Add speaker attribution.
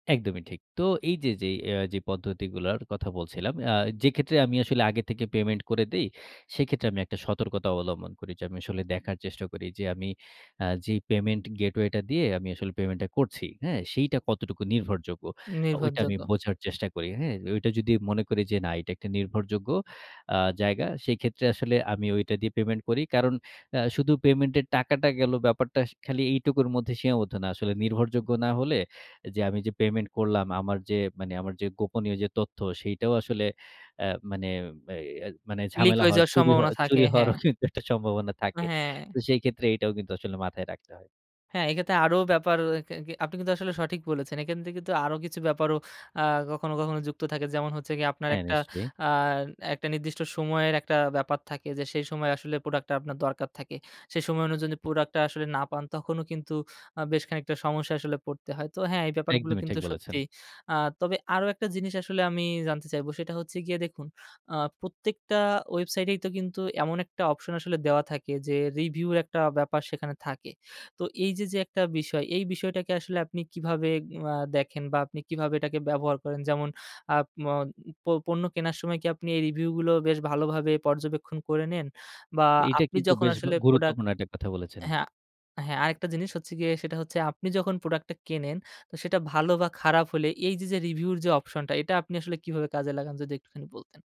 Speaker 1: একদমই ঠিক। তো এইযে যে আ পদ্ধতিগুলার কথা বলছিলাম। আ যেক্ষেত্রে আমি আসলে আগে থেকে payment করে দেই। সেক্ষেত্রে আমি একটা সতর্কতা অবলম্বন করি। যে আমি আসলে দেখার চেষ্টা করি। যে আমি আ যেই payment gateway টা দিয়ে আমি আসলে payment টা করছি, হ্যাঁ? সেইটা কতটুকু নির্ভরযোগ্য? অ ঐটা আমি
Speaker 2: নির্ভরযোগ্য।
Speaker 1: বোঝার চেষ্টা করি, হ্যাঁ? ঐটা যদি মনে করি যে না এটা একটা নির্ভরযোগ্য আ জায়গা। সেক্ষেত্রে আসলে আমি ওইটা দিয়ে payment করি। কারণ আ শুধু payment এর টাকাটা গেলো ব্যাপারটা সা খালি এইটুকুর মধ্যে সীমাবদ্ধ না। আসলে নির্ভরযোগ্য না হলে যে আমি যে payment করলাম। আমার যে মানে আমার যে গোপনীয় যে তথ্য, সেটাও আসলে এ মানে বে এই মানে
Speaker 2: Leak
Speaker 1: ঝামেলা
Speaker 2: হয়ে
Speaker 1: হওয়ার,
Speaker 2: যাওয়ার
Speaker 1: চুরি হওয়া
Speaker 2: সম্ভাবনা থাকে,
Speaker 1: চুরি হওয়ার
Speaker 2: হ্যাঁ।
Speaker 1: একটা সম্ভাবনা থাকে।
Speaker 2: হ্যাঁ।
Speaker 1: তো সেক্ষেত্রে এটাও কিন্তু আসলে মাথায় রাখতে হয়।
Speaker 2: হ্যাঁ, এইক্ষেত্রে আরো ব্যাপার। এ কে আপনি কিন্তু আসলে সঠিক বলেছেন। এখান থেকে কিন্তু আরো কিছু ব্যাপারও আ কখনো, কখনো যুক্ত থাকে। যেমন হচ্ছে গিয়ে আপনার
Speaker 1: হ্যাঁ,
Speaker 2: একটা
Speaker 1: নিশ্চয়ই।
Speaker 2: আ একটা নির্দিষ্ট সময়ের একটা ব্যাপার থাকে। যে সেই সময় আসলে প্রোডাক্টটা আপনার দরকার থাকে। সেই সময়ে অনুযায়ী প্রোডাক্টটা আসলে না পান, তখনও কিন্তু আ বেশ খানিকটা সমস্যায় আসলে পড়তে হয়। তো হ্যাঁ, এই ব্যাপারগুলো
Speaker 1: একদমই
Speaker 2: কিন্তু
Speaker 1: ঠিক বলেছেন।
Speaker 2: সত্যি। আ তবে আরো একটা জিনিস আসলে আমি জানতে চাইব। সেটা হচ্ছে গিয়ে দেখুন আ প্রত্যেকটা ওয়েবসাইটেই তো কিন্তু এমন একটা অপশন আসলে দেওয়া থাকে। যে review একটা ব্যাপার সেখানে থাকে। তো এইযে যে একটা বিষয়, এই বিষয়টাকে আসলে আপনি কিভাবে আ দেখেন বা আপনি কিভাবে এটাকে ব্যবহার করেন? যেমন আ ম পণ্য কেনার সময় কি আপনি এই review গুলো বেশ ভালোভাবে পর্যবেক্ষণ করে নেন? বা
Speaker 1: এইটা
Speaker 2: আপনি
Speaker 1: কিন্তু
Speaker 2: যখন
Speaker 1: বেশ বা
Speaker 2: আসলে প্রোডাক্ট
Speaker 1: গুরুত্বপূর্ণ একটা কথা বলেছেন।
Speaker 2: হ্যাঁ, আ হ্যাঁ, আ আরেকটা জিনিস হচ্ছে গিয়ে। সেটা হচ্ছে আপনি যখন প্রোডাক্টটা কেনেন। তো সেটা ভালো বা খারাপ হলে এইযে যে review র যে অপশনটা, এটা আপনি আসলে কিভাবে কাজে লাগান? যদি একটুখানি বলতেন।